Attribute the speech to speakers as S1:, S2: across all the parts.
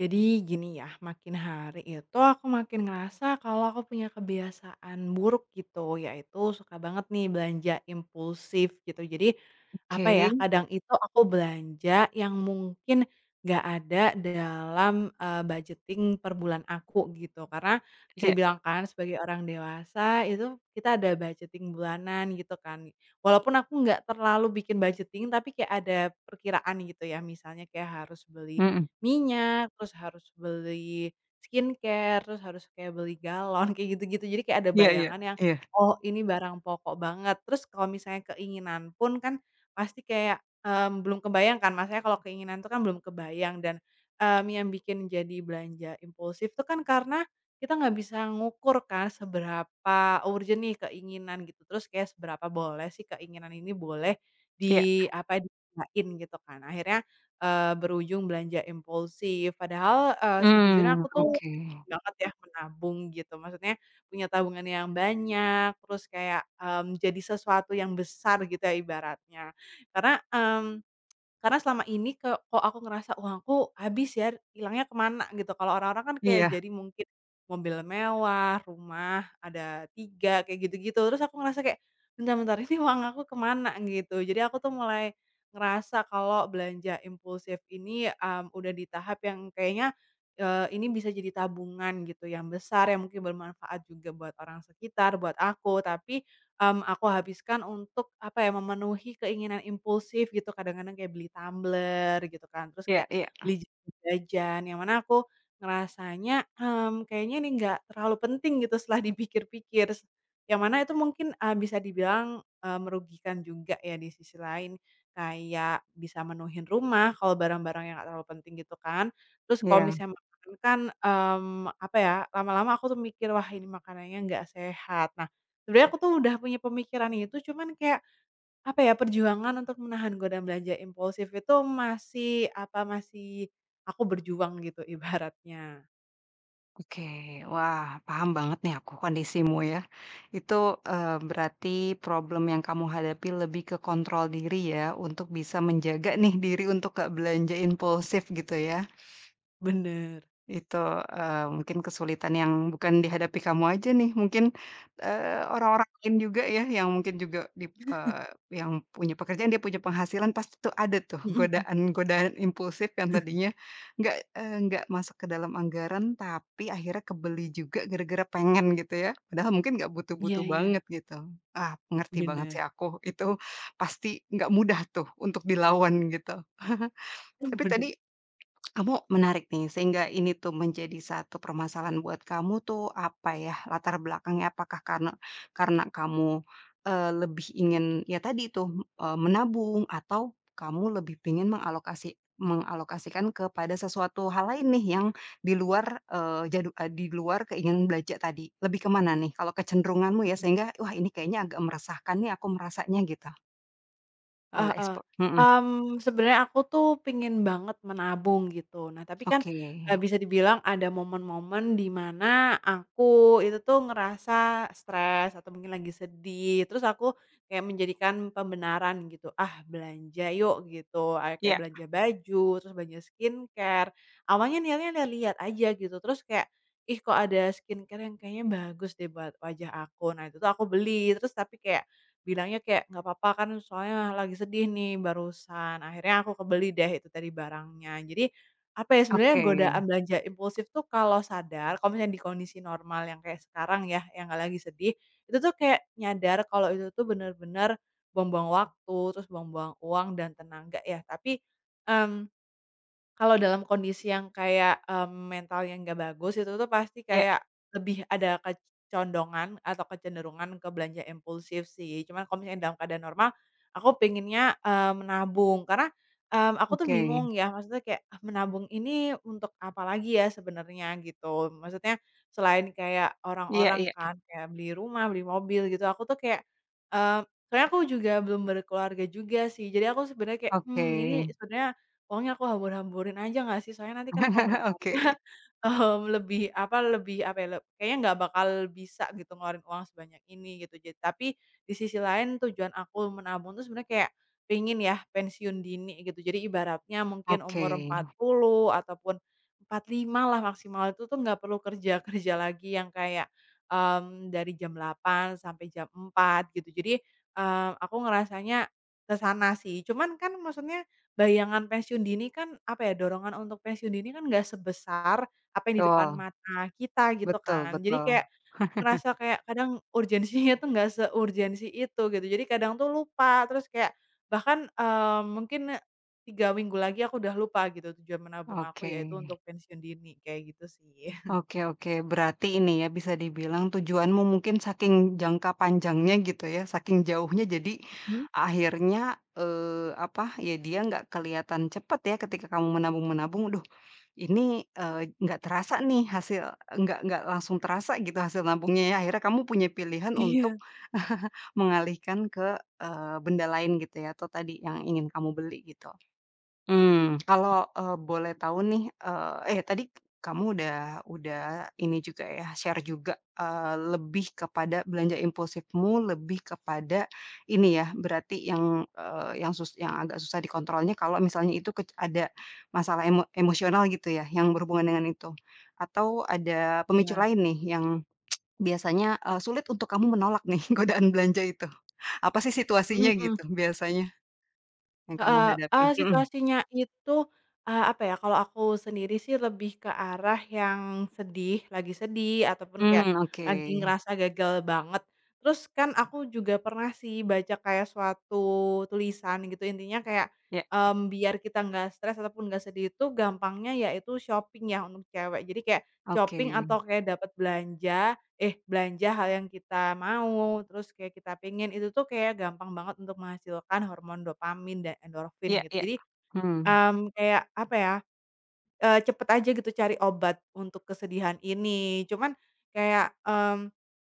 S1: Jadi gini ya, makin hari itu aku makin ngerasa kalo aku punya kebiasaan buruk gitu yaitu suka banget nih belanja impulsif gitu. Jadi, apa ya,
S2: Oke.
S1: kadang itu aku belanja yang mungkin nggak ada dalam, eee, budgeting per bulan aku, gitu. Karena, bisa
S2: Iya.
S1: dibilang kan sebagai orang dewasa itu kita ada budgeting bulanan gitu kan. Walaupun aku nggak terlalu bikin budgeting tapi kayak ada perkiraan gitu ya, misalnya kayak harus beli
S2: Mhm.
S1: minyak, terus harus beli skincare, terus harus kayak beli galon kayak gitu-gitu. Jadi kayak ada
S2: Iya iya,
S1: bayangan yang,
S2: iya.
S1: "Oh, ini barang pokok banget," terus kalau misalnya keinginan pun kan pasti kayak, mmm, belum kebayang kan maksudnya kalau keinginan itu kan belum kebayang dan, mmm, yang bikin jadi belanja impulsif itu kan karena kita nggak bisa ngukur kan seberapa urgent nih keinginan gitu. Terus kayak seberapa boleh sih keinginan ini boleh
S2: Iya.
S1: diapain, di gunain gitu kan, akhirnya, eee, berujung belanja impulsif. Padahal, eee, sejujurnya
S2: Mmm,
S1: aku tuh
S2: oke.
S1: pengen banget ya menabung gitu, maksudnya punya tabungan yang banyak terus kayak, mmm, jadi sesuatu yang besar, gitu ya ibaratnya. Karena, mmm, karena selama ini ke kok aku ngerasa, "Uang aku habis ya, hilangnya ke mana?" gitu. Kalo orang-orang kan kayak
S2: Iya.
S1: jadi mungkin mobil mewah, rumah ada 3 kayak gitu-gitu. Terus aku ngerasa kayak, "Bentar bentar ini uang aku kemana?" gitu. Jadi aku tuh mulai ngerasa kalo belanja impulsif ini, mmm, udah di tahap yang kayaknya, eee, ini bisa jadi tabungan gitu yang besar yang mungkin bermanfaat juga buat orang sekitar, buat aku, tapi, mmm, aku habiskan untuk apa ya, memenuhi keinginan impulsif gitu. Kadang-kadang kayak beli tumbler, gitu kan, terus
S2: Iya
S1: kayak
S2: iya.
S1: beli jajan-jajan yang mana aku ngerasanya, "Mmm, kayaknya ini nggak terlalu penting," gitu setelah dipikir-pikir, yang mana itu mungkin, eee, bisa dibilang, eee, merugikan juga ya di sisi lain. Kayak bisa menuhin rumah, kalo barang-barang yang nggak terlalu penting gitu kan, terus kalo
S2: Iya.
S1: misalnya makanan kan, mmm, apa ya, lama-lama aku tuh mikir, "Wah, ini makanannya nggak sehat." Nah, sebenarnya aku tuh udah punya pemikiran itu cuman kayak, apa ya, perjuangan untuk menahan godaan belanja impulsif itu masih apa masih aku berjuang gitu ibaratnya.
S2: Oke. Wah, paham banget nih aku kondisimu ya. Itu, eee, berarti problem yang kamu hadapi lebih ke kontrol diri ya, untuk bisa menjaga
S1: Mmm.
S2: nih diri untuk nggak belanja impulsif gitu ya?
S1: Benar.
S2: Itu, eee, mungkin kesulitan yang bukan dihadapi kamu aja nih. Mungkin, eee, orang-orang lain juga ya yang mungkin juga dip eee, yang punya pekerjaan dia punya penghasilan pasti tuh ada tuh
S1: Mhm mhm.
S2: godaan-godaan impulsif yang tadinya nggak, eee, nggak masuk ke dalam anggaran, tapi akhirnya kebeli juga gara-gara pengen gitu ya. Padahal mungkin nggak
S1: Iya
S2: butuh-butuh
S1: iya.
S2: banget gitu. Ah, ngerti banget
S1: Benar.
S2: sih aku, itu pasti nggak mudah tuh untuk dilawan gitu.
S1: Mmm,
S2: Tapi
S1: benar.
S2: tadi, kamu menarik nih, sehingga ini tuh menjadi satu permasalahan buat kamu tuh apa ya, latar belakangnya apakah karena karena kamu, eee, lebih ingin ya tadi itu, m eee, menabung atau kamu lebih pingin mengalokasi mengalokasikan kepada sesuatu hal lain nih yang di luar, eee, jadu eee, di luar keinginan belanja tadi. Lebih ke mana nih? Kalau kecenderunganmu ya
S1: Mhm.
S2: sehingga, "Wah, ini kayaknya agak meresahkan nih aku merasanya," gitu. Boleh
S1: Heeh,
S2: ekspo hmm.
S1: mmm, sebenarnya aku tuh pingin banget menabung gitu. Nah, tapi kan, eee,
S2: Oke.
S1: bisa dibilang ada momen-momen di mana aku itu tuh ngerasa stres atau mungkin lagi sedih. Terus aku, kayak menjadikan pembenaran gitu, "Ah, belanja yuk," gitu, ayo kayak
S2: Iya.
S1: belanja baju, terus belanja skincare. Awalnya niatnya liat-liat aja gitu, terus kayak, "Ih, kok ada skincare yang kayaknya bagus deh buat wajah aku." Nah, itu tuh aku beli, terus tapi kayak bilangnya kayak, "Nggak papa kan, soalnya lagi sedih nih barusan," akhirnya aku kebeli deh itu tadi barangnya. Jadi, apa ya, sebenarnya
S2: Oke.
S1: godaan belanja impulsif tuh kalau sadar kalau misalnya di kondisi normal yang kayak sekarang ya, yang nggak lagi sedih, itu tuh kayak nyadar kalau itu tuh benar-benar buang-buang waktu, terus buang-buang uang dan tenaga ya. Tapi, mmm, kalau dalam kondisi yang kayak, mmm, mental yang nggak bagus, itu tuh pasti
S2: Iya.
S1: kayak lebih ada kecondongan atau kecenderungan ke belanja impulsif sih. Cuma kalo misalnya keadaan normal aku pengennya, eee, menabung. Karena, mmm, aku tuh
S2: Oke.
S1: bingung ya, maksudnya kayak, "Menabung ini untuk apalagi ya sebenarnya?" gitu. Maksudnya, selain kayak
S2: Iya
S1: orang-orang
S2: iya.
S1: kan kayak beli rumah, beli mobil gitu, aku tuh kayak eee, sebenarnya aku juga belum berkeluarga juga sih. Jadi aku sebenarnya kayak, "Hmm,
S2: Oke.
S1: ini sebenarnya uangnya aku hambur-hamburin aja nggak sih? Soalnya nanti kan kalo berkeluarga,
S2: Oke.
S1: hmm, lebih apa lebih apa ya, leb kayaknya nggak bakal bisa gitu, ngeluarin uang sebanyak ini," gitu. Jad tapi, di sisi lain tujuan aku menabung tuh sebenarnya kayak pengen ya pensiun dini gitu. Jadi ibaratnya mungkin umur
S2: Oke.
S1: 40, ataupun 45 lah maksimal itu tuh nggak perlu kerja-kerja lagi yang kayak, mmm, dari jam 8.00 sampe jam 4.00 gitu. Jadi, eee, aku ngerasanya ke sana sih, cuman kan maksudnya bayangan pensiun dini kan apa ya, dorongan untuk pensiun dini kan nggak sebesar apa yang di depan
S2: Betul.
S1: mata kita, gitu
S2: Betul
S1: kan. Jadi
S2: betul.
S1: kayak ngerasa kayak kadang urgensinya tuh nggak seurgensi itu, gitu. Jadi kadang tuh lupa terus kayak bahkan, eee, mungkin 3 minggu lagi aku udah lupa gitu, tujuan menabung aku yaitu
S2: Oke.
S1: untuk pensiun dini, kayak gitu sih.
S2: Oke oke. Berarti ini ya bisa dibilang tujuanmu mungkin saking jangka panjangnya gitu ya, saking jauhnya jadi
S1: mhm.
S2: akhirnya, eee, apa, ya dia nggak kelihatan cepet ya ketika kamu menabung-menabung, "Aduh, ini, eee, nggak terasa nih hasil nggak nggak langsung terasa gitu hasil nabungnya ya." Akhirnya kamu punya pilihan untuk
S1: Iya.
S2: mengalihkan ke eee, benda lain gitu ya, atau tadi yang ingin kamu beli, gitu. Mmm, kalau, eee,
S1: Iya
S2: boleh
S1: juga
S2: tau
S1: sih.
S2: nih, eee eh, tadi kamu udah udah, ini juga ya share juga, eee, lebih kepada belanja impulsifmu lebih kepada, ini ya, berarti yang, eee, yang sus yang agak susah dikontrol nih kalau misalnya itu kec ada masalah emo emosional gitu ya yang berhubungan dengan itu. Atau ada pemicu
S1: Iya.
S2: lain nih yang biasanya, eee, sulit untuk kamu menolak nih, godaan belanja itu, apa sih
S1: Mhm,
S2: situasinya
S1: mmm.
S2: gitu biasanya, yang kamu
S1: Heeh, eee,
S2: hadapi? Mmm.
S1: situasinya itu, eee, apa ya, kalo aku sendiri sih lebih ke arah yang sedih, lagi sedih ataupun kayak
S2: Mmm, oke.
S1: lagi ngerasa gagal banget. Terus kan aku juga pernah sih baca kayak suatu tulisan gitu intinya kayak,
S2: Iya.
S1: mmm, "Biar kita nggak stres ataupun nggak sedih itu gampangnya yaitu shopping ya untuk cewek." Jadi kayak shopping atau
S2: Oke.
S1: kayak dapat belanja eh, belanja hal yang kita mau terus kayak kita pengen, itu tuh kayak gampang banget untuk menghasilkan hormon dopamin dan endorfin,
S2: Iya
S1: gitu.
S2: iya.
S1: Jadi,
S2: Hmm.
S1: mmm, kayak apa ya, eee, cepat aja gitu cari obat untuk kesedihan ini. Cuman kayak, mmm,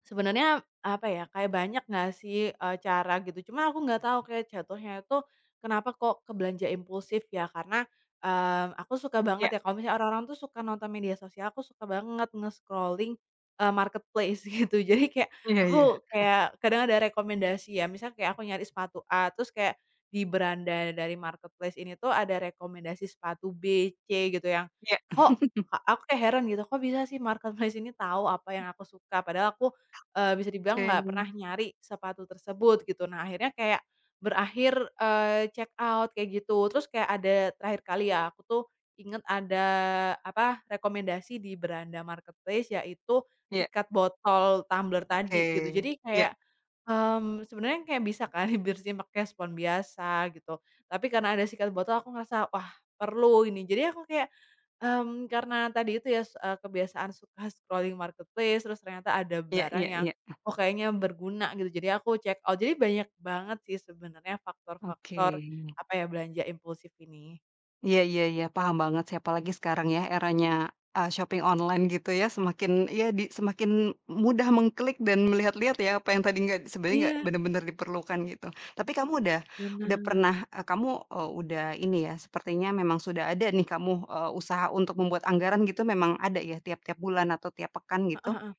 S1: sebenarnya apa ya, kayak banyak nggak sih, eee, cara gitu. Cuma aku nggak tau kayak jatuhnya itu kenapa kok ke belanja impulsif ya? Karena, eee, aku suka
S2: Iya.
S1: banget ya kalo misalnya orang-orang tuh suka nonton media sosial, aku suka banget nge-scrolling, eee, marketplace, gitu. Jadi kayak
S2: Iya iya.
S1: aku kayak kadang ada rekomendasi ya misalnya kayak aku nyari sepatu A, terus kayak di beranda dari marketplace ini tuh ada rekomendasi sepatu B, C, gitu yang
S2: Iya.
S1: kok ka aku heran gitu, "Kok bisa sih marketplace ini tau apa yang
S2: Mmm.
S1: aku suka?" Padahal aku, eee, bisa dibilang
S2: Oke.
S1: nggak pernah nyari sepatu tersebut, gitu. Nah, akhirnya kayak berakhir, eee, check out kayak gitu. Terus kayak ada terakhir kali ya, aku tuh ingat ada apa, rekomendasi di beranda marketplace yaitu
S2: Iya.
S1: sikat botol tumbler
S2: Oke,
S1: tadi, gitu. Jadi,
S2: iya.
S1: kayak, mmm, sebenarnya kayak bisa kan bersihin pakai spons biasa gitu. Tapi karena ada sikat botol aku ngerasa, "Wah, perlu ini." Jadi aku kayak, mmm, karena tadi itu ya, s eee, kebiasaan suka scrolling marketplace, terus ternyata ada
S2: Iya
S1: barang
S2: iya
S1: yang,
S2: iya.
S1: "Oh, kayaknya berguna," gitu, jadi aku checkout. Jadi banyak banget sih sebenarnya faktor-faktor,
S2: Oke.
S1: apa ya, belanja impulsif ini.
S2: Iya iya iya. Paham banget sih, apalagi sekarang ya, eranya, eee, shopping online gitu ya. Semakin iya di semakin mudah mengklik dan melihat-lihat ya, apa yang tadi nggak sebenarnya nggak
S1: Iya.
S2: benar-benar diperlukan, gitu. Tapi kamu udah udah
S1: Benar.
S2: pernah eee, kamu, eee, udah ini ya, sepertinya memang sudah ada nih kamu, eee, usaha untuk membuat anggaran gitu memang ada ya, tiap-tiap bulan atau tiap pekan
S1: Heeh
S2: gitu?
S1: heeh.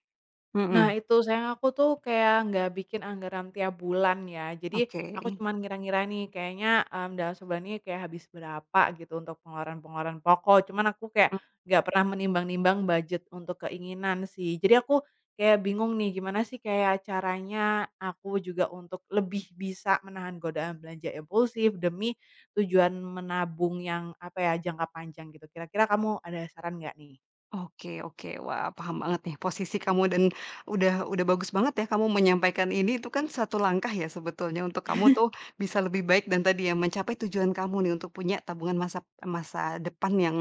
S1: Nah
S2: Mhm.
S1: itu, sayang aku tuh kayak nggak bikin anggaran tiap bulan ya. Jadi, aku
S2: Oke.
S1: cuma ngira-ngira nih kayaknya, mmm, dalam sebulan ini kayak habis berapa gitu untuk pengeluaran-pengeluaran pokok. Cuma aku kayak
S2: Oh.
S1: nggak pernah menimbang-nimbang budget untuk keinginan sih. Jadi aku kayak bingung nih, gimana sih kayak caranya aku juga untuk lebih bisa menahan godaan belanja impulsif demi tujuan menabung yang apa ya, jangka panjang gitu. Kira-kira kamu ada saran nggak nih?
S2: Oke oke. Wah, paham banget nih posisi kamu dan udah udah bagus banget ya kamu menyampaikan ini, itu kan satu langkah ya sebetulnya untuk kamu tuh bisa lebih baik dan tadi ya mencapai tujuan kamu nih untuk punya tabungan masap masa depan yang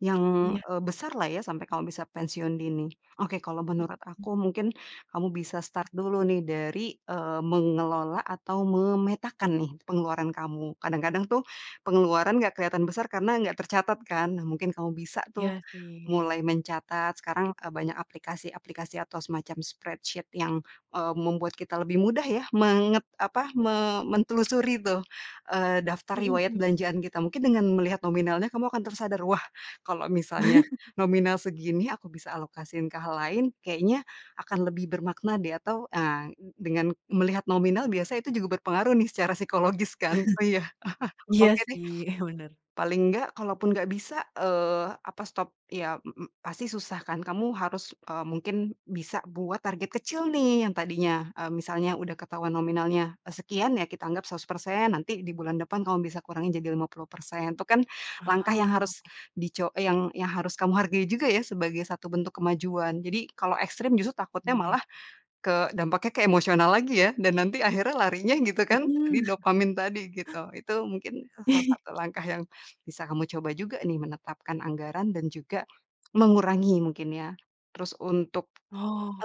S2: yang,
S1: Iya.
S2: eee, besarlah ya sampai kamu bisa pensiun dini. Oke, kalau menurut
S1: Mhm.
S2: aku mungkin kamu bisa start dulu nih dari, eee, mengelola atau memetakan nih pengeluaran kamu. Kadang-kadang tuh pengeluaran nggak kelihatan besar karena nggak tercatat kan. Nah, mungkin kamu bisa tuh
S1: Iya sih.
S2: mulai mencatat, sekarang, eee, banyak aplikasi-aplikasi atau semacam spreadsheet yang, eee, membuat kita lebih mudah ya, menget apa, me mentelusuri tuh, eee, daftar
S1: Mhm,
S2: riwayat
S1: mmm.
S2: belanjaan kita. Mungkin dengan melihat nominalnya kamu akan tersadar, "Wah, kalau misalnya nominal segini aku bisa alokasiin ke hal lain, kayaknya, akan lebih bermakna deh," atau ah, dengan melihat nominal biasa itu juga berpengaruh nih secara psikologis kan, oh iya.
S1: Iya
S2: Oke deh,
S1: sih. Heeh, benar.
S2: paling nggak kalaupun nggak bisa, eee, apa stop ya, m m pasti susah kan. Kamu harus, eee, mungkin bisa buat target kecil nih yang tadinya, eee, misalnya udah ketahuan nominalnya sekian ya, kita anggap 100%, nanti di bulan depan kamu bisa kurangi jadi 50%. Itu kan langkah yang harus
S1: Oh.
S2: dico yang yang harus kamu hargai juga ya sebagai satu bentuk kemajuan. Jadi, kalau ekstrim justru takutnya
S1: Iya
S2: malah
S1: iya.
S2: ke dampaknya ke emosional lagi ya, dan nanti akhirnya larinya gitu
S1: Mhm.
S2: kan, di dopamin tadi, gitu. Itu mungkin salah satu langkah yang bisa kamu coba juga nih menetapkan anggaran dan juga mengurangi mungkin ya. Terus untuk,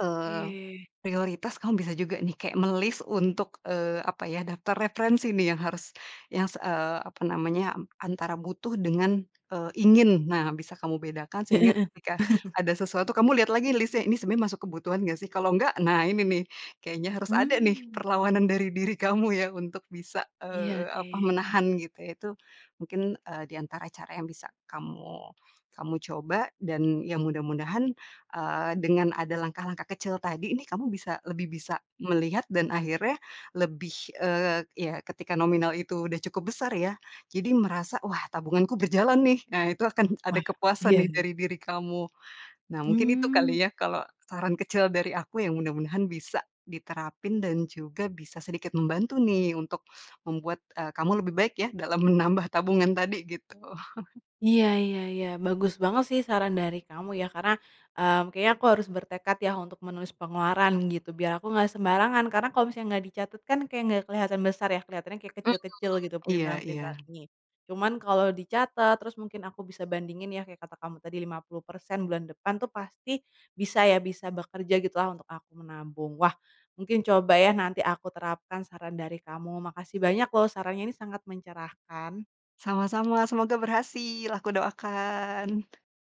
S2: eee, prioritas kamu bisa juga nih kayak me-list untuk, eee, apa ya, daftar referensi nih yang harus yang se eee, apa namanya, antara butuh dengan, eee, ingin. Nah, bisa kamu bedakan
S1: Heeh
S2: sehingga
S1: heeh.
S2: ketika ada sesuatu kamu lihat lagi list-nya, "Ini sebenarnya masuk kebutuhan nggak sih?" Kalau nggak, nah ini nih, kayaknya harus ada nih
S1: Mmm.
S2: perlawanan dari diri kamu ya untuk bisa,
S1: Iya
S2: eee, apa,
S1: sih.
S2: menahan gitu ya. Itu mungkin, eee, di antara cara yang bisa kamu kamu coba dan ya mudah-mudahan, eee, dengan ada langkah-langkah kecil tadi nih kamu bisa lebih bisa melihat dan akhirnya lebih eee, ya ketika nominal itu udah cukup besar ya, jadi merasa, "Wah, tabunganku berjalan nih." Nah itu akan ada
S1: Wah,
S2: kepuasan
S1: iya
S2: nih
S1: iya.
S2: dari diri kamu. Nah, mungkin itu
S1: Mmm.
S2: kali ya, kalau saran kecil dari aku yang mudah-mudahan bisa diterapin dan juga bisa sedikit membantu nih untuk membuat, eee, kamu lebih baik ya dalam menambah tabungan tadi, gitu.
S1: Iya iya iya, bagus banget sih saran dari kamu ya. Karena, mmm, kayaknya aku harus bertekad ya untuk menulis pengeluaran gitu biar aku nggak sembarangan, karena kalo misalnya nggak dicatat kan kayak nggak keliatan besar ya. Kelihatannya kayak
S2: Mmm,
S1: kecil-kecil gitu
S2: iya
S1: printilan-printilan
S2: iya.
S1: ini. Cuman kalo dicatat terus mungkin aku bisa bandingin ya, kayak kata kamu tadi 50% bulan depan tuh pasti bisa ya, bisa bekerja gitulah untuk aku menabung. Wah, mungkin coba ya nanti aku terapkan saran dari kamu, makasih banyak loh sarannya ini sangat mencerahkan.
S2: Sama-sama. Semoga berhasil, aku doakan.